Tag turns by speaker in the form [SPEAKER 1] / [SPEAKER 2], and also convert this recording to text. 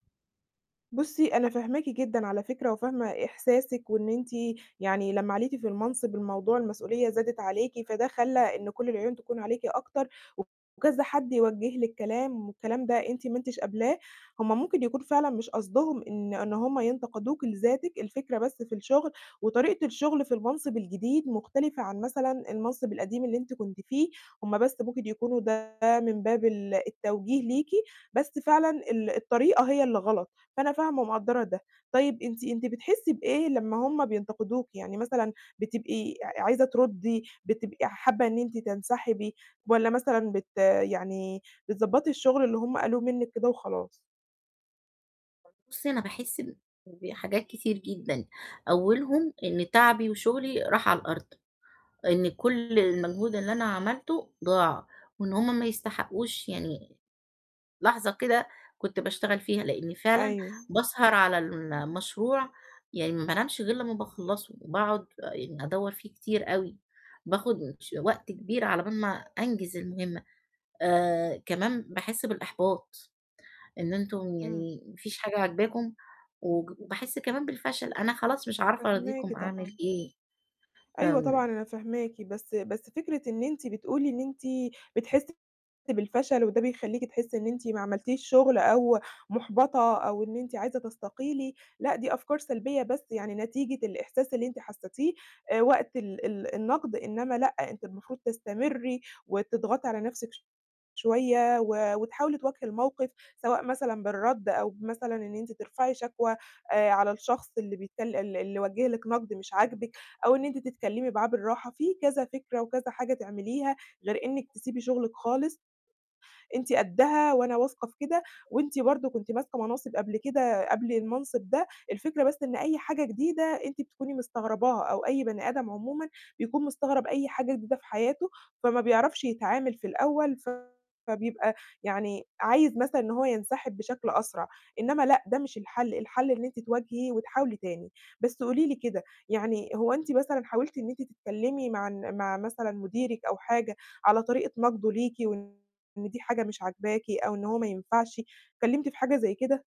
[SPEAKER 1] بُصّي أنا فاهماكِ جدًا على فكرة، وفاهمة إحساسِك، وإن أنتِ يعني لمّا عِليتِ في المنصب الموضوع المسؤولية زادِت عليكِ، فده خلّى إن كلّ العيون تكون عليكِ أكتر، وكذا حد يوجّه لِك كلام والكلام ده أنتِ ما أنتِش قابلاه، هُم ممكن يكون فعلًا مش قصدهم إن إن هُم ينتقدوكِ لذاتِك، الفكرة بس في الشغل، وطريقة الشغل في المنصب الجديد مختلفة عن مثلًا المنصب القديم اللي أنتِ كنتِ فيه، هُم بس ممكن يكونوا ده من باب ال التوجيه ليكِ، بس فعلًا ال الطريقة هي اللي غلط، فأنا فاهمة ومقدّرة ده، طيب أنتِ أنتِ بتحسّي بإيه لمّا هُم بينتقدوكِ؟ يعني مثلًا بتبقي ع عايزة ترُدّي؟ بتبقي حابة إن أنتِ تنسحبي؟ والّا مثلًا بت يعني بتضبّطي الشغل اللي هُم قالوه منِك كده وخلاص؟
[SPEAKER 2] بُصّي أنا باحس إن بحاجات كتير جدًا، أولهم إن تعبي وشغلي راح على الأرض، إن كلّ المجهود اللي أنا عملته ضاع، وإن هُم ما يستحقوش يعني لحظة كده كنت باشتغل فيها، لإن فعلًا
[SPEAKER 1] أيوه.
[SPEAKER 2] باسهر على المشروع، يعني ما بانامش غير لمّا باخلصه، وباقعد آآ ادوّر فيه كتير أوي، باخد ش وقت كبير على بال ما أنجز المهمة، آآ كمان باحس بالإحباط، إن أنتم
[SPEAKER 1] إمم.
[SPEAKER 2] يعني ما فيش حاجة عاجباكم، وج وباحس كمان بالفشل، أنا خلاص مش عارفة
[SPEAKER 1] فاهماكِ
[SPEAKER 2] أراضيكم، أعمل
[SPEAKER 1] طبعًا.
[SPEAKER 2] إيه؟
[SPEAKER 1] أيوه طبعًا
[SPEAKER 2] فم
[SPEAKER 1] أنا فاهماكِ، بس بس فكرة إن أنتِ بتقولي إن أنتِ بتحسّي بالفشل، وده بيخلّيكِ تحسّي إن أنتِ ما عملتيش شغل أو محبطة أو إن أنتِ عايزة تستقيلي، لأ دي أفكار سلبية بس يعني نتيجة الإحساس اللي أنتِ حسّيتيه وقت ال ال النقد، إنما لأ، أنتِ المفروض تستمري وتضغطي على نفْسِك شوية، و وتحاولي تواجهي الموقف، سواء مثلًا بالرد أو بمثلًا إن أنتِ ترفعي شكوى، آآ على الشخص اللي بيتكل اللي اللي وجِّه لِك نقد مش عاجبِك، أو إن أنتِ تتكلّمي معاه بالراحة، في كذا فكرة وكذا حاجة تعمليها، غير إنِك تسيبي شغلِك خالص، أنتِ قدّها، وأنا واثقة في كده، وأنتِ برضو كنتِ ماسكة مناصب قبل كده قبل المنصب ده، الفكرة بس إن أي حاجة جديدة أنتِ بتكوني مستغرباها، أو أي بني آدم عمومًا بيكون مستغرب أي حاجة جديدة في حياته، فما بيعرفش يتعامل في الأول، فبيبقى يعني، عايز مثلًا إن هو ينسحب بشكل أسرع، إنما لأ ده مش الحل، الحل إن أنتِ تواجهي وتحاولي تاني، بس قولي لي كده، يعني هو أنتِ مثلًا حاولتِ إن أنتِ تتكلّمي مع الن مع مثلًا مديرِك أو حاجة، على طريقة نقده ليكِ وإن دي حاجة مش عاجباكِ، أو إن هو ما ينفعش؟ اتكلّمتِ في حاجة زي كده؟